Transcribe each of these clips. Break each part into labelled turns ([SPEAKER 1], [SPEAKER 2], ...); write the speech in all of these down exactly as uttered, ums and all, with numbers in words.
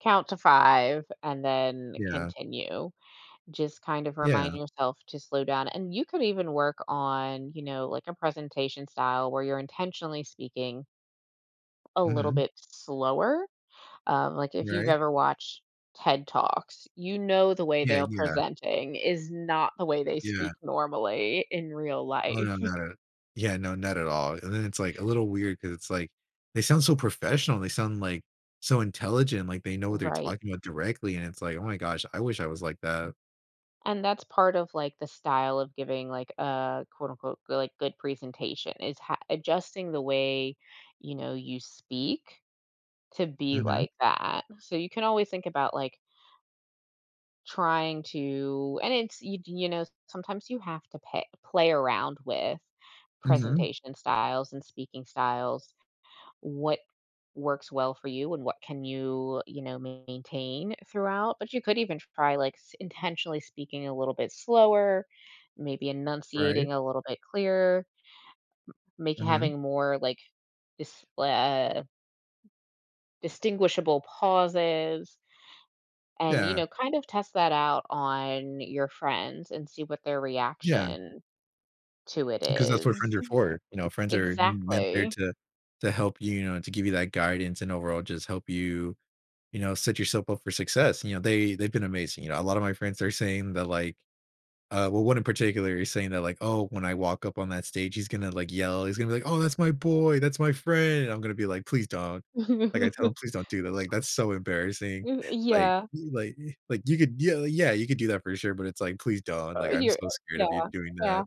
[SPEAKER 1] Count to five and then
[SPEAKER 2] Yeah.
[SPEAKER 1] continue. Just kind of
[SPEAKER 2] Yeah.
[SPEAKER 1] remind yourself to slow down, and you could even work on, you know, like a presentation style where you're intentionally speaking a little
[SPEAKER 2] Mhm.
[SPEAKER 1] bit slower. Um, like, if you've
[SPEAKER 2] Right?
[SPEAKER 1] ever watched TED Talks, you know the way
[SPEAKER 2] Yeah,
[SPEAKER 1] they're
[SPEAKER 2] yeah.
[SPEAKER 1] presenting is not the way they
[SPEAKER 2] Yeah.
[SPEAKER 1] speak normally in real
[SPEAKER 2] Oh, no,
[SPEAKER 1] life.
[SPEAKER 2] not at Yeah, no, not at all and then it's, like, a little weird 'cause it's, like, "They sound so professional. They sound, like, so intelligent. Like, they know what they're
[SPEAKER 1] Right.
[SPEAKER 2] talking about directly," and it's, "Oh my gosh. I wish I was like that."
[SPEAKER 1] And that's part of, like, the style of giving, like, a quote unquote, like, good good presentation is h adjusting the way, you know, you speak to be
[SPEAKER 2] Mhm.
[SPEAKER 1] like that. So you can always think about like trying to and it's you d you know, sometimes you have to pay play around with
[SPEAKER 2] Mhm.
[SPEAKER 1] presentation styles and speaking styles. What works well for you and what can you, you know, maintain throughout but you could even try, like, s intentionally speaking a little bit slower, maybe
[SPEAKER 2] Right.
[SPEAKER 1] enunciating a little bit clearer, m make
[SPEAKER 2] Mhm.
[SPEAKER 1] having more, like, this blah distinguishable pauses, and, you
[SPEAKER 2] Yeah.
[SPEAKER 1] know, kind of test that out on your friends and see what their
[SPEAKER 2] Yeah.
[SPEAKER 1] reaction to it
[SPEAKER 2] 'Cause that's what
[SPEAKER 1] is
[SPEAKER 2] friends are for. You know, friends are m meant there
[SPEAKER 1] Exactly.
[SPEAKER 2] to to help you, you know, to give you that guidance and overall just help you, you know, set yourself up for success. You know, they they've been amazing, you know, a lot of my friends are saying that, like, uh, well, one in particular is saying that, like, "Oh, when I walk up on that stage, he's gonna, like, yell. He's gonna be like, oh, that's my boy. That's my friend." I'm gonna be, like, "Please don't," Like, I tell him, "Please don't do that. Like, that's so embarrassing."
[SPEAKER 1] M
[SPEAKER 2] Like
[SPEAKER 1] Yeah.
[SPEAKER 2] like like, "You could ye yeah, you could do that for sure," but it's like, "Please don't.
[SPEAKER 1] Ah,
[SPEAKER 2] Like, I'm
[SPEAKER 1] here,
[SPEAKER 2] so scared
[SPEAKER 1] yeah,
[SPEAKER 2] of you doing
[SPEAKER 1] yeah.
[SPEAKER 2] that."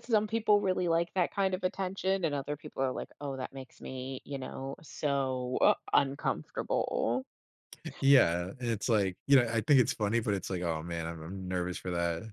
[SPEAKER 1] Some people really like that kind of attention and other people are like, "Oh, that makes me, you know, so u uncomfortable."
[SPEAKER 2] Yeah, and it's, like, you know, I think it's funny, but it's, like, "Oh, man. I'm I'm nervous for that."